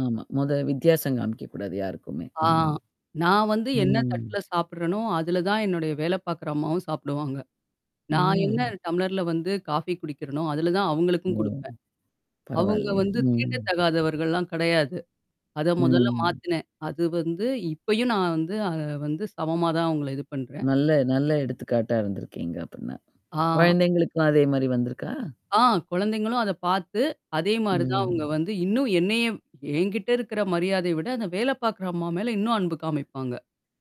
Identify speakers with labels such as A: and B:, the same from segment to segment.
A: ஆமா, மொத வித்தியாசம் காமிக்கக்கூடாது யாருக்குமே,
B: ஆ.
A: ம்.
B: நான் வந்து என்னா
A: ம்.
B: தட்டுல சாப்படுறேனோ, அதுல தான் என்னுடைய வேலை பாக்கற அம்மாவும் சாப்டுவாங்க. நான் என்னா
A: ம்.
B: டம்ளர்ல வந்து காஃபி குடிக்கிறேனோ, அதுல தான் அவுங்களுக்கும்
A: ம்.
B: குடுப்பேன். அவுங்க
A: பரவால்லயே!
B: வந்து
A: ம்.
B: தீண்ட தகாதவர்கள்லாம் கிடையாது. அத மொதல்ல
A: ம்.
B: மாத்தினேன். அது வந்து இப்பயும் நான் வந்து அத வந்து சமமா தான் அவுங்கள இது பண்றேன்.
A: நல்ல நல்ல எடுத்துக்காட்டா இருந்திருக்கீங்க! அப்டின்னா.
B: ஆ.
A: குழந்தைங்களுக்கு அதே மாரி வந்திருக்கா?
B: ஆ குழந்தைங்களும் அத பாத்து, அதே மாரி தான் அவுங்க
A: ம்.
B: வந்து இன்னும் என்னையும் என்கிட்ட இருக்கிற மரியாதைய விட, அந்த வேல பாக்குற அம்மா மேல இன்னும் அன்பு காமிப்பாங்க.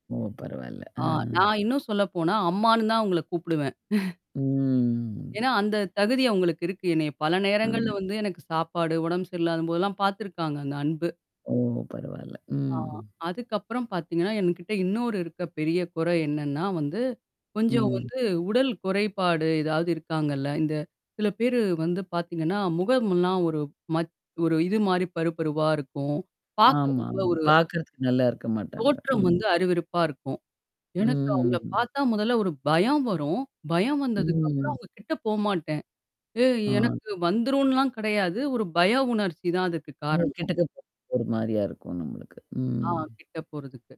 A: ஓ! பரவால்ல. அ.
B: ஆ நான் இன்னும் சொல்ல போனா, அம்மான்னு தான் அவுங்கள கூப்பிடுவேன்.
A: ம்.
B: ஏன்னா, அந்த தகுதி அவுங்களுக்கு இருக்கு. என்னைய பல நேரங்கள்ல
A: ஆம்.
B: வந்து எனக்கு சாப்பாடு உடம்பு சரியில்லாதம்போதெல்லாம் பாத்துருக்காங்க, அந்த அன்பு.
A: ஓ! பரவால்ல.
B: ஆ
A: ம்.
B: அதுக்கப்புறம் பாத்தீங்கன்னா, என்கிட்ட இன்னொரு இருக்க பெரிய குறை என்னான்னா வந்து, கொஞ்சம்
A: ம்.
B: வந்து உடல் குறைபாடு ஏதாவது இருக்காங்கல்ல? இந்த சில பேரு வந்து பாத்தீங்கன்னா, முகம்ல்லாம் ஒரு மத் ஒரு இது மாரி பரு பருவா இருக்கும். பாக்க
A: ஆமாமா,
B: ரொம்ப ஒரு
A: பாக்கறதுக்கு நல்லா இருக்க மாட்டாங்க.
B: தோற்றம்
A: ம்.
B: வந்து அருவெறுப்பா இருக்கும். எனக்கு அவங்கள
A: ம்.
B: பாத்தா, முதல்ல ஒரு பயம் வரும். பயம் வந்ததுக்கப்புறம்,
A: ம்.
B: அவுங்க கிட்ட போமாட்டேன். ஏ
A: ஆ.
B: எனக்கு வந்துரும்ன்லாம் கெடையாது. ஒரு பய உணர்ச்சி தான் அதுக்கு
A: அவுங்க
B: காரணம்.
A: கிட்டக்க ஒரு மாரியா இருக்கும் நம்மளுக்கு.
B: ஆ,
A: ம்.
B: கிட்ட போறதுக்கு.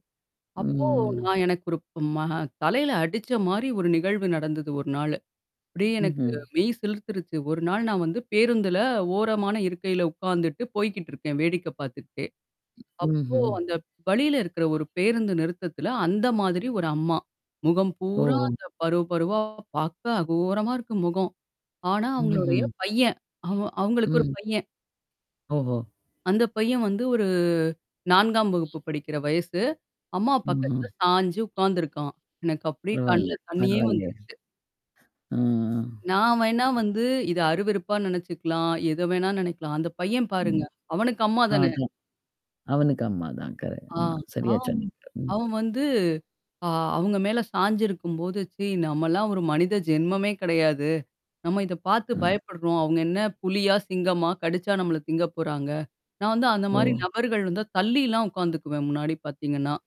B: அப்போ
A: ம்.
B: நான் எனக்கு ஒரு ம ஹ தலையில அடிச்ச மாரி, ஒரு நிகழ்வு நடந்தது 1 நாளு. அப்டியே எனக்கு
A: ம்ஹ்ம்.
B: மெய் சிலுர்த்துருச்சு. 1 நாள் நான் வந்து பேருந்துல ஓரமான இருக்கையில உக்காந்துட்டு போய்க்கிட்டு இருக்கேன். வேடிக்கை பாத்துக்கிட்டே, அப்போ
A: ம்ஹ்ம்.
B: அந்த வழியில இருக்கிற ஒரு பேருந்து நிறுத்தத்தில, அந்த மாதிரி ஒரு அம்மா. முகம் பூரா
A: ஓஹோ!
B: அந்த பருவு பருவா பாக்க அகோரமா இருக்கு முகம். ஆனா, அவங்களுடைய
A: ம்ஹ்ம்.
B: பையன். அவன் அவுங்களுக்கு ஒரு
A: ம்.
B: பையன்.
A: ஓஹோ!
B: அந்த பையன் வந்து ஒரு 4 வகுப்பு படிக்கிற வயசு. அம்மா
A: ம்ஹ்ம்.
B: பக்கத்தல சாஞ்சு உக்காந்துருக்கான். எனக்கு அப்டியே
A: பரவால்ல,
B: கண்ல தண்ணீயே
A: பரவால்லையே.
B: வந்துருச்சு.
A: ஆ
B: நான் வேணா வந்து, இத அருவருப்பா நெனச்சுக்கலாம். எத வேணா நெனைக்கலாம். அந்த பையன் பாருங்க
A: ம்.
B: அவனுக்கு அம்மா தானே!
A: அதான், அவனுக்கு அம்மா தான் கரெ
B: ஆ,
A: ஆமா. சரியா
B: ஆம்
A: சொன்னீங்க. ம்.
B: அவன் வந்து ஆ அவுங்க மேல சாஞ்சிருக்கும்போது, ச்சீ நம்மல்லாம் ஒரு மனித ஜென்மமே கிடையாது. நம்ம இத பாத்து
A: அ.
B: பயப்படுறோம். அவுங்க என்னா புலியா? சிங்கமா? கடிச்சா நம்மள திங்க போறாங்க? நான் வந்து அந்த மாரி
A: ஓ!
B: நபர்கள் வந்தா தள்ளிலாம், உக்காந்துக்குவேன், முன்னாடி பாத்தீங்கன்னா.